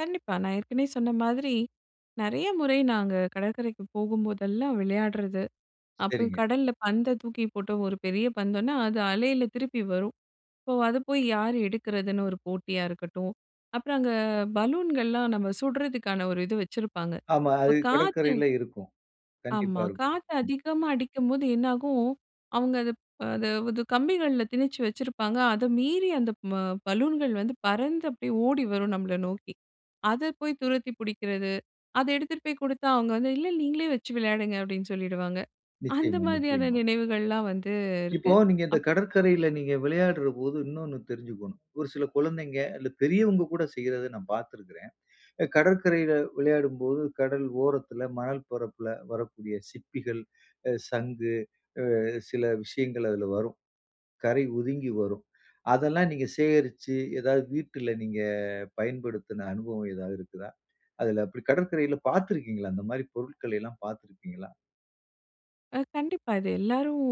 கண்டிப்பா. நான் ஏற்கனவே சொன்ன மாதிரி, நெறைய முறை நாங்க கடற்கரைக்கு போகும்போதெல்லாம் விளையாடுறது. அப்போ சரிங்க. கடல்ல பந்த தூக்கி போட்டு, ஒரு பெரிய பந்துன்னா அது அலையில திருப்பி வரும். ஸோ அதை போய் யார் எடுக்கிறதுன்னு ஒரு போட்டியா இருக்கட்டும், அப்புறம் அங்க பலூன்கள்லாம் நம்ம சுடுறதுக்கான ஒரு இது வச்சிருப்பாங்க. ஆமா, இப்போ அது காத்து கடற்கரையில இருக்கும். கண்டிப்பா ஆமா. இருக்கும். காத்து அதிகமா அடிக்கும்போது என்னாகும், அவுங்க அத ப, அதப் அது கம்பிகள்ல திணிச்சு வச்சிருப்பாங்க. அத மீறி அந்த ம பலூன்கள் வந்து பறந்து அப்படியே ஓடி வரும் நம்மள நோக்கி. அத போய் துரத்தி புடிக்கிறது, அத எடுத்துட்டு போய் குடுத்தா அவுங்க வந்து, "இல்ல நீங்களே வச்சு விளையாடுங்க" அப்டின்னு சொல்லிடுவாங்க. அந்த நிச்சயமா மாதிரியான நிச்சயமா. நினைவுகள்லாம் வந்து இருக்கு. இப்போ நீங்க இந்த அப் கடற்கரையில நீங்க விளையாடுறபோது, இன்னொன்னு தெரிஞ்சுக்கோணும். ஒரு சில குழந்தைங்க, இல்ல பெரியவங்க கூட செய்யிறத நான் பாத்துருக்கிறேன். அ கடற்கரையில விளையாடும்போது, கடல் ஓரத்துல, மணல் பரப்பில வரக்கூடிய சிப்பிகள், ஆ சங்கு, ஆ சில விஷயங்கள் அதுல வரும். கரை ஒதுங்கி வரும். அதெல்லாம் நீங்க சேகரிச்சு, ஏதாது வீட்டில நீங்க பயன்படுத்தின அனுபவம் ஏதாது இருக்குதா? அதில அப்படி கடற்கரையில பாத்துருக்கீங்களா? அந்த மாரி பொருள்களை எல்லாம் பாத்துருப்பீங்களா? ஆ கண்டிப்பா. இது எல்லாரும்,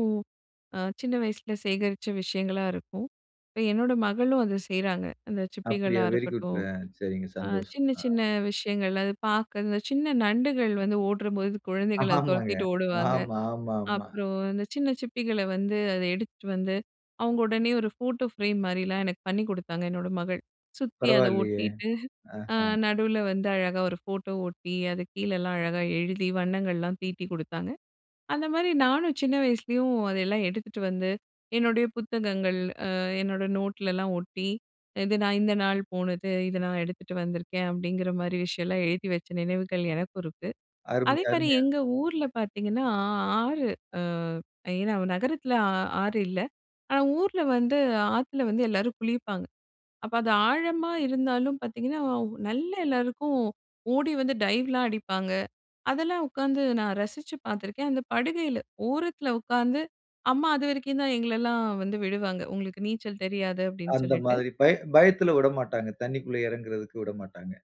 ஆ சின்ன வயசில சேகரிச்ச விஷயங்களா இருக்கும். இப்போ என்னோட மகளும் அத செய்றாங்க. அந்த அப்படியா, சிப்பிகளா வெரி குட்! இருக்கட்டும். ஆ சரிங்க, ஆ சந்தோஷம். சின்ன ஆ. சின்ன விஷயங்கள், அது பாக்க. இந்த சின்ன நண்டுகள் வந்து ஓடுறபோது குழந்தைகள் அதை ஆமாங்க. துரத்திட்டு ஓடுவாங்க. ஆமா ஆமா ஆமா. அப்புறம், அந்த சின்ன சிப்பிகளை வந்து அதை எடுத்துட்டுவந்து, அவுங்க உடனே ஒரு ஃபோட்டோ ஃப்ரேம் மாரிலாம் எனக்கு பண்ணி குடுத்தாங்க, என்னோட மகள். சுத்தி அதை பரவாயில்லையே! ஒட்டீட்டு, ஆ ஆஹம். நடுவில வந்து அழகா ஒரு ஃபோட்டோ ஓட்டி, அது கீழேலாம் அழகா எழுதி, வண்ணங்கள்லாம் தீட்டிக் குடுத்தாங்க. அந்த மாரி நானும் சின்ன வயசுலயும் அதெல்லாம் எடுத்துட்டு வந்து, என்னுடைய புத்தகங்கள், அ என்னோட நோட்லலாம் ஒட்டி, இது நான் இந்த நாள் போனது, இத நான் எடுத்துட்டு வந்திருக்கேன். அப்படிங்கிற மாதிரி விஷயம்லாம் எழுதி வச்ச நினைவுகள் எனக்கும் இருக்கு. அருமை அதே மாரி அருமையா எங்க ஊர்ல பாத்தீங்கன்னா, ஆ ஆறு ஆ ஏன்னா, நகரத்தில ஆ ஆறு இல்ல. ஆனா ஊர்ல வந்து ஆத்துல வந்து எல்லாரும் குளிப்பாங்க. அப்ப அது ஆழமா இருந்தாலும் பாத்தீங்கன்னா, நல்லா எல்லோருக்கும் ஓடி வந்து டைவ் எல்லாம் அடிப்பாங்க. அதெல்லாம் உக்காந்து நான் ரசிச்சு பாத்திருக்கேன். அந்த படுகையில, ஓரத்தில உக்காந்து அம்மா அதுவரைக்கும் தான் எங்களைல்லாம் வந்து விடுவாங்க, "உங்களுக்கு நீச்சல் தெரியாது" அப்படின்னு அந்த சொல்லிட்டு. மாதிரி, பயத் பயத்துல விட மாட்டாங்க. தண்ணிக்குள்ள எறங்குறதுக்கு விடமாட்டாங்க.